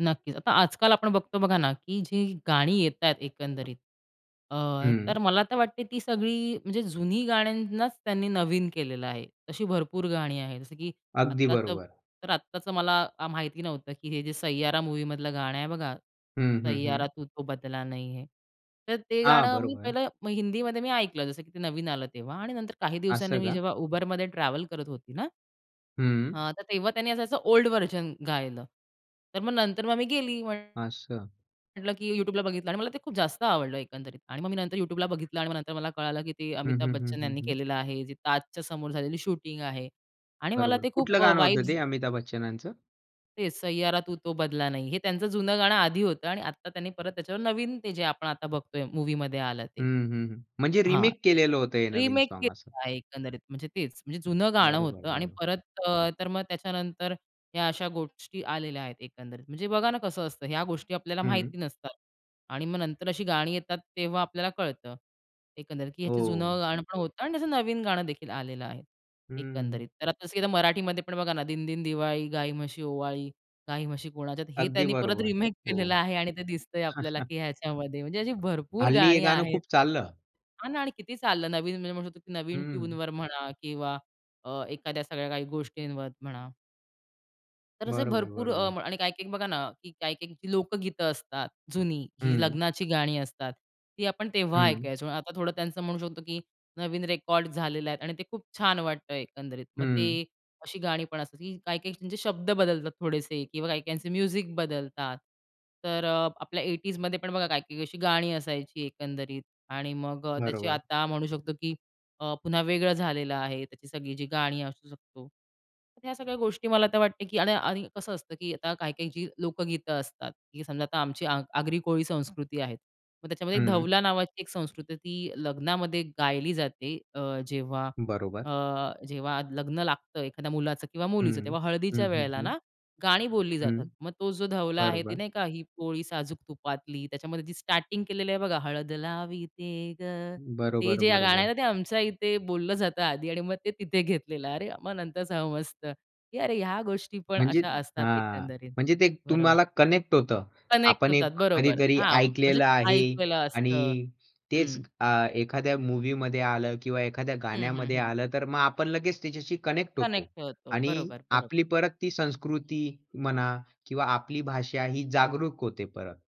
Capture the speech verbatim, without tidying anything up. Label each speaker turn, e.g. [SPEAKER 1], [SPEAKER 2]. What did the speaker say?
[SPEAKER 1] नक्कीच. आता आजकाल आपण बघतो बघा ना, की जी गाणी येत आहेत एकंदरीत अ, तर
[SPEAKER 2] हं.
[SPEAKER 1] मला तर वाटते ती सगळी म्हणजे जुनी गाण्यांनाच त्यांनी नवीन केलेलं आहे. अशी भरपूर गाणी आहेत जसं की
[SPEAKER 2] अगदी
[SPEAKER 1] आत्ताचं
[SPEAKER 2] बरोबर.
[SPEAKER 1] तर, आत्ताचं मला आ, माहिती नव्हतं की हे जे सय्यारा मूव्हीमधलं गाणं आहे बघा,
[SPEAKER 2] हं, हं. हं.
[SPEAKER 1] सय्यारा तू तो बदला नही है. तर ते
[SPEAKER 2] हां.
[SPEAKER 1] गाणं मी
[SPEAKER 2] बरोबर.
[SPEAKER 1] पहिलं हिंदीमध्ये मी ऐकलं, जसं की ते नवीन आलं तेव्हा आणि नंतर काही दिवसांनी
[SPEAKER 2] असं
[SPEAKER 1] मी
[SPEAKER 2] का?
[SPEAKER 1] जेव्हा Uberमध्ये ट्रॅव्हल करत होती ना
[SPEAKER 2] हं.
[SPEAKER 1] हां, तर तेव्हा त्यांनी असं ओल्ड व्हर्जन गायलं. तर मग नंतर मग आम्ही गेली म्हण
[SPEAKER 2] असं.
[SPEAKER 1] म्हटलं की YouTubeला बघितलं आणि मला ते खूप जास्त आवडलं एकंदरीत आणि मग मी नंतर YouTubeला बघितलं आणि मग नंतर मला कळालं की ते
[SPEAKER 2] हं,
[SPEAKER 1] अमिताभ
[SPEAKER 2] हं, हं,
[SPEAKER 1] बच्चन
[SPEAKER 2] हं,
[SPEAKER 1] यांनी
[SPEAKER 2] हं.
[SPEAKER 1] केलेलं आहे. ते ताजच्या समोर झालेली शूटिंग आहे. आणि मला
[SPEAKER 2] बरोबर.
[SPEAKER 1] ते
[SPEAKER 2] कुठलं
[SPEAKER 1] खूप अ,
[SPEAKER 2] गाणं होतं
[SPEAKER 1] वाइब्स
[SPEAKER 2] ते अमिताभ बच्चनांच?
[SPEAKER 1] तेच सय्यारा तू तो बदला नही. हे त्यांचं जुनं गाणं आधी होतं आणि आता त्यांनी परत त्याच्यावर नवीन ते जे आपण आता बघतोय मूव्हीमध्ये आलं ते.
[SPEAKER 2] हं, हं. हं. म्हणजे
[SPEAKER 1] हां.
[SPEAKER 2] रिमेक केलेलं होतं हे नवीन
[SPEAKER 1] रिमेक
[SPEAKER 2] सॉँग असं.
[SPEAKER 1] केलेलं आहे एकंदरीत म्हणजे तेच म्हणजे जुनं गाणं
[SPEAKER 2] बरोबर,
[SPEAKER 1] होतं आणि
[SPEAKER 2] बरोबर.
[SPEAKER 1] परत अ, तर मग त्याच्यानंतर ह्या अशा गोष्टी आलेल्या आहेत एकंदरीत. म्हणजे बघा ना, कसं असतं ह्या गोष्टी आपल्याला
[SPEAKER 2] हं.
[SPEAKER 1] माहिती नसतात आणि मग नंतर अशी गाणी येतात, तेव्हा आपल्याला कळतं, एकंदरीत, की ह्याचं
[SPEAKER 2] हो.
[SPEAKER 1] जुनं गाणं पण होतं आणि त्याचं नवीन गाणं देखील आलेलं आहे,
[SPEAKER 2] हं.
[SPEAKER 1] एकंदरीत. तर आता इस मराठीमध्ये पण बघा ना, दिनदिन दिवाळी, गाई म्हशी ओवाळी, गाई म्हशी कोणाच्यात, हे
[SPEAKER 2] अगदी
[SPEAKER 1] त्यांनी परत
[SPEAKER 2] बरोबर.
[SPEAKER 1] रिमेक केलेलं
[SPEAKER 2] हो.
[SPEAKER 1] आहे आणि ते दिसतंय आपल्याला की ह्याच्यामध्ये म्हणजे अशी भरपूर
[SPEAKER 2] हल्ली हे
[SPEAKER 1] गाणी
[SPEAKER 2] गाणं
[SPEAKER 1] आहेत.
[SPEAKER 2] खूप चाललं.
[SPEAKER 1] हां ना आणि किती चाललं नवीन म्हणजे म्हणू शकतो की नवीन
[SPEAKER 2] हं.
[SPEAKER 1] ट्यूनवर म्हणा किंवा अ, एखाद्या सगळ्या काही गोष्टींवर म्हणा. तर असे
[SPEAKER 2] बरोबर,
[SPEAKER 1] भरपूर अ,
[SPEAKER 2] बरोबर.
[SPEAKER 1] आणि काही-काही बघा ना, की काही-काही लोकगीतं असतात, जुनी, जी
[SPEAKER 2] हं.
[SPEAKER 1] लग्नाची गाणी असतात. ती आपण तेव्हा
[SPEAKER 2] हं.
[SPEAKER 1] ऐकायचो. म्हणजे आता थोडं त्यांचं म्हणू शकतो की नवीन रेकॉर्ड झालेल्या आहेत आणि ते खूप छान वाटतंय एकंदरीत. मग
[SPEAKER 2] हं.
[SPEAKER 1] ते अशी गाणी पण असतील की काही-काही त्यांचे शब्द बदलतात थोडेसे किंवा काही-काहींचे म्युझिक बदलतात. तर अ, आपल्या एटीजमध्ये पण बघा काही-काही अशी गाणी असायची एकंदरीत आणि मग अ, त्याची
[SPEAKER 2] बरोबर.
[SPEAKER 1] आता म्हणू शकतो की अ, पुन्हा वेगळं झालेलं आहे, त्याची सगळी जी गाणी असू शकतो. ह्या सगळ्या गोष्टी मला आता वाटते की आणि आणि कसं असतं की आता काही-काही जी लोकगीतं असतात की समजा आता आमची आग आगरी कोळी संस्कृती आहे. मग त्याच्यामध्ये
[SPEAKER 2] हं.
[SPEAKER 1] धवला नावाची एक संस्कृती होती, ती लग्नामध्ये गायली जाते अ, जेव्हा
[SPEAKER 2] बरोबर.
[SPEAKER 1] अ, जेव्हा लग्न लागतं एखाद्या मुलाचं किंवा मुलीचं
[SPEAKER 2] हं,
[SPEAKER 1] तेव्हा
[SPEAKER 2] हं,
[SPEAKER 1] हळदीच्या
[SPEAKER 2] हं,
[SPEAKER 1] वेळेला
[SPEAKER 2] हं.
[SPEAKER 1] ना, गाणी बोलली
[SPEAKER 2] हं.
[SPEAKER 1] जातात. मग तो जो धवला आहे ते
[SPEAKER 2] बरोबर.
[SPEAKER 1] नाही का, ही पोळी साजूक तुपातली त्याच्यामध्ये जी स्टार्टिंग केलेली आहे बघा, हळद लावीते गं. तर ते
[SPEAKER 2] बरोबर,
[SPEAKER 1] जे गाणं आहे
[SPEAKER 2] बरोबर.
[SPEAKER 1] ना, ते आमच्या इथे बोललं जातं आधी आणि मग ते तिथे घेतलेलं. अरे मग नंतर समजतं की अरे ह्या गोष्टी पण
[SPEAKER 2] म्हणजे
[SPEAKER 1] अशा असतात
[SPEAKER 2] हां
[SPEAKER 1] एकंदरीत.
[SPEAKER 2] म्हणजे ते
[SPEAKER 1] बरोबर.
[SPEAKER 2] तुम्हाला कनेक्ट होतं.
[SPEAKER 1] कनेक्ट
[SPEAKER 2] आपण
[SPEAKER 1] होतात,
[SPEAKER 2] एक
[SPEAKER 1] बरोबर.
[SPEAKER 2] कधीतरी
[SPEAKER 1] हां, म्हणजे
[SPEAKER 2] ऐकलेलं आहे
[SPEAKER 1] ऐकलेलं
[SPEAKER 2] आणि
[SPEAKER 1] असतं.
[SPEAKER 2] तेच
[SPEAKER 1] हं.
[SPEAKER 2] अ, एखाद्या मूव्हीमध्ये आलं किंवा एखाद्या
[SPEAKER 1] हं, हं.
[SPEAKER 2] गाण्यामध्ये
[SPEAKER 1] हं.
[SPEAKER 2] आलं, तर मग आपण लगेच त्याच्याशी कनेक्ट होतो
[SPEAKER 1] कनेक्ट होतो
[SPEAKER 2] आणि
[SPEAKER 1] बरोबर, बरोबर.
[SPEAKER 2] आपली परत ती संस्कृती म्हणा किंवा आपली भाषा ही जागरूक होते परत.